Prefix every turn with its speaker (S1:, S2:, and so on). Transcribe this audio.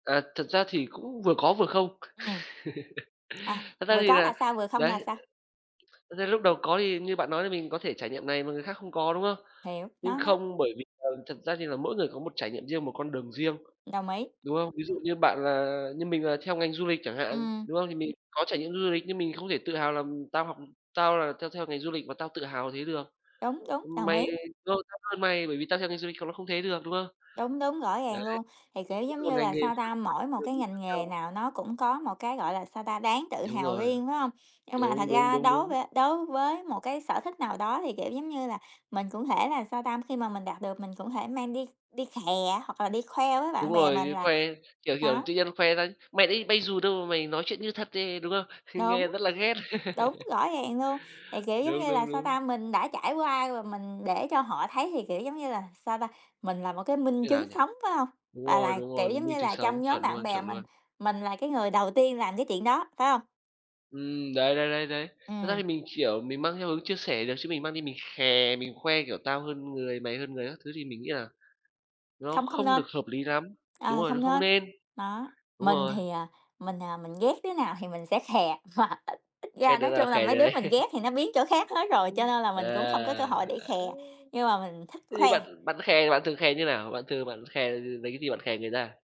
S1: À, thật ra thì cũng vừa có vừa không.
S2: Ừm. À,
S1: Thật ra
S2: vừa
S1: thì
S2: có là
S1: là
S2: sao, vừa không
S1: đấy.
S2: là sao?
S1: Thực ra lúc đầu có thì như bạn nói thì mình có thể trải nghiệm này mà người khác không có, đúng không?
S2: Hiểu,
S1: Nhưng
S2: nó đó.
S1: không bởi vì, ờ, thật ra thì là mỗi người có một trải nghiệm riêng, một con đường riêng,
S2: Đồng ý.
S1: đúng không? Ví dụ như bạn là như mình là theo ngành du lịch chẳng hạn,
S2: Ừm.
S1: đúng không? Thì mình có trải nghiệm du lịch nhưng mình không thể tự hào là tao học tao là theo theo ngành du lịch mà tao tự hào thế được.
S2: Đúng, đúng, đồng
S1: Mày
S2: ý.
S1: [unintelligible] tao hơn mày bởi vì tao theo ngành du lịch còn ló không thế được, đúng không?
S2: Đúng, đúng, rõ
S1: Đấy,
S2: ràng luôn, thì, kiểu,
S1: mỗi
S2: giống
S1: một
S2: như
S1: ngành
S2: là,
S1: nghề
S2: sao
S1: [unintelligible] con
S2: ta, mỗi một
S1: đường
S2: cái
S1: đi khác
S2: ngành nghề
S1: nhau.
S2: nào nó cũng có một cái, gọi là, sao ta, đáng tự
S1: Đúng
S2: hào
S1: rồi.
S2: riêng, phải hông? Nhưng mà thật
S1: Đúng, đúng,
S2: ra
S1: đúng,
S2: đối v
S1: đúng.
S2: đối với một cái sở thích nào đó thì, kiểu, giống như là, mình cũng thể là, sao ta, khi mà mình đạt được mình cũng thể mang đi đi khè á, hoặc là đi khoe với bạn
S1: Đúng
S2: bè
S1: rồi,
S2: mình là
S1: khoe, kiểu, kiểu,
S2: đó.
S1: tự nhiên khoe ra: "Mày đã đi bay dù đâu mà mày nói chuyện như thật ấy" đúng không? Nghe
S2: Đúng.
S1: rất là ghét.
S2: Đúng, rõ ràng luôn. Thì, kiểu, giống
S1: Đúng,
S2: như là,
S1: đúng,
S2: sao
S1: đúng.
S2: ta, mình đã trải qua và mình để cho họ thấy thì, kiểu, giống như là, sao ta, mình là một cái minh
S1: Như nào
S2: chứng
S1: nhỉ?
S2: sống, phải hông?
S1: Đúng
S2: Và
S1: rồi,
S2: là,
S1: đúng
S2: kiểu,
S1: rồi.
S2: giống
S1: Minh
S2: như
S1: chứng
S2: là, trong
S1: sống,
S2: nhóm
S1: chuẩn
S2: bạn
S1: luôn,
S2: bè
S1: chuẩn
S2: mình,
S1: luôn.
S2: mình là cái người đầu tiên làm cái chuyện đó, phải hông?
S1: Ừm, đấy, đấy, đấy, đấy. Thật ra
S2: Ừm.
S1: thì mình, kiểu, mình mang theo hướng chia sẻ được chứ mình mang đi mình khè, mình khoe kiểu tao hơn người, mày hơn người các thứ thì mình nghĩ là nó
S2: Không không
S1: không
S2: nên.
S1: được hợp lý lắm. Đúng
S2: Ờ,
S1: rồi, nó
S2: không
S1: không
S2: nên,
S1: nên.
S2: đó,
S1: Đúng
S2: mình
S1: rồi.
S2: thì, à, mình, à, mình ghét đứa nào thì mình sẽ khè hoặc ít ít
S1: Ghét
S2: ra
S1: đứa
S2: nói
S1: nào
S2: chung là
S1: khè
S2: mấy
S1: đứa
S2: đứa
S1: đấy.
S2: mình ghét thì nó biến chỗ khác hết rồi, cho nên là
S1: À!
S2: mình cũng không có cơ hội để khè, nhưng mà mình thích
S1: Thế thì
S2: khoe.
S1: bạn bạn khè thì bạn thường khè như nào? Bạn thường bạn khè, lấy cái gì bạn khè người ta?